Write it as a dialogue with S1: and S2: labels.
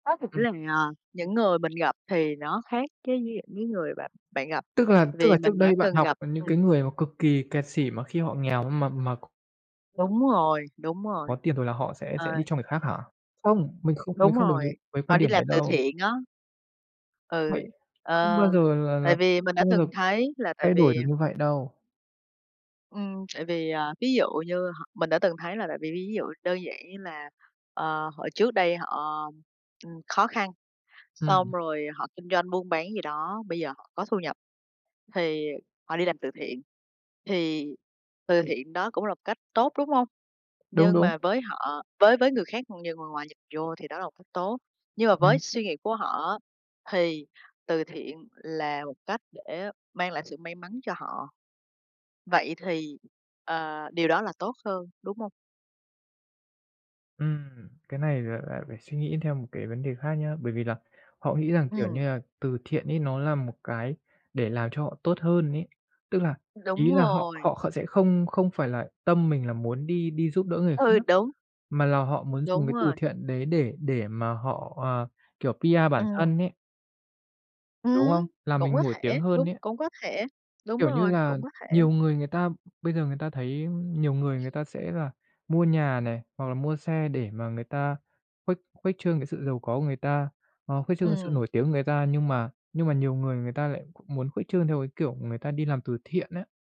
S1: Nói thực
S2: Ừm.
S1: ra, à, những người mình gặp thì nó khác với những cái người bạn bạn gặp,
S2: Tức là tức
S1: vì
S2: là trước
S1: mình đã
S2: đây bạn
S1: từng
S2: học
S1: gặp
S2: những cái
S1: ừm.
S2: người mà cực kỳ kẹt xỉ mà khi họ nghèo, mà mà
S1: Đúng rồi, đúng rồi.
S2: Có tiền rồi là họ sẽ sẽ
S1: Ờ.
S2: đi cho người khác hả? Không, mình không mình
S1: Đúng
S2: không đồng
S1: rồi,
S2: ý với
S1: họ
S2: quan
S1: đi
S2: điểm
S1: làm
S2: đấy
S1: từ
S2: đâu.
S1: thiện á. Ừ,
S2: Vậy không
S1: ờ,
S2: bao giờ là
S1: tại
S2: là
S1: vì mình đã
S2: không bao giờ
S1: từng thấy là tại
S2: thay đổi được
S1: vì
S2: như vậy đâu.
S1: Ừm, tại vì, à, ví dụ như họ mình đã từng thấy là tại vì ví ví dụ đơn giản như là, ờ, họ trước đây họ, ừm, khó khăn, xong
S2: Ừm.
S1: rồi họ kinh doanh buôn bán gì đó, bây giờ họ có thu nhập thì họ đi làm từ thiện. Thì từ thiện đó cũng là một cách tốt, đúng hông?
S2: Đúng,
S1: Nhưng
S2: đúng.
S1: mà với họ với với người khác như người ngoài nhìn vô thì đó là một cách tốt. Nhưng mà với
S2: Ừm.
S1: suy nghĩ của họ á thì từ thiện là một cách để mang lại sự may mắn cho họ. Vậy thì, ờ, điều đó là tốt hơn, đúng hông?
S2: Ừm, cái này lại lại phải suy nghĩ theo một cái vấn đề khác nhá, bởi vì là họ nghĩ rằng, kiểu như
S1: Ừm.
S2: là, từ thiện ấy nó là một cái để làm cho họ tốt hơn ấy. Tức là,
S1: Đúng
S2: ý là họ
S1: rồi.
S2: họ kh họ sẽ không không phải là tâm mình là muốn đi đi giúp đỡ người
S1: Ừ,
S2: khác
S1: đúng.
S2: mà là họ muốn dùng
S1: Đúng
S2: cái từ
S1: rồi.
S2: thiện đấy để để mà họ, ờ, kiểu, PR bản
S1: Ừm.
S2: thân ấy.
S1: Ừm,
S2: Đúng
S1: ừm,
S2: không? Làm
S1: cũng
S2: mình
S1: có
S2: nổi
S1: thể,
S2: tiếng hơn
S1: đúng,
S2: ấy.
S1: cũng có thể, đúng
S2: Kiểu như
S1: rồi,
S2: là,
S1: cũng có thể.
S2: nhiều người người ta bây giờ người ta thấy nhiều người người ta sẽ là mua nhà này hoặc là mua xe để mà người ta khuếch khuếch trương cái sự giàu có của người ta, hoặc khuếch trương cái sự
S1: Ừm.
S2: nổi tiếng của người ta. Nhưng mà nhưng mà nhiều người người ta lại muốn khuếch trương theo cái kiểu người ta đi làm từ thiện á.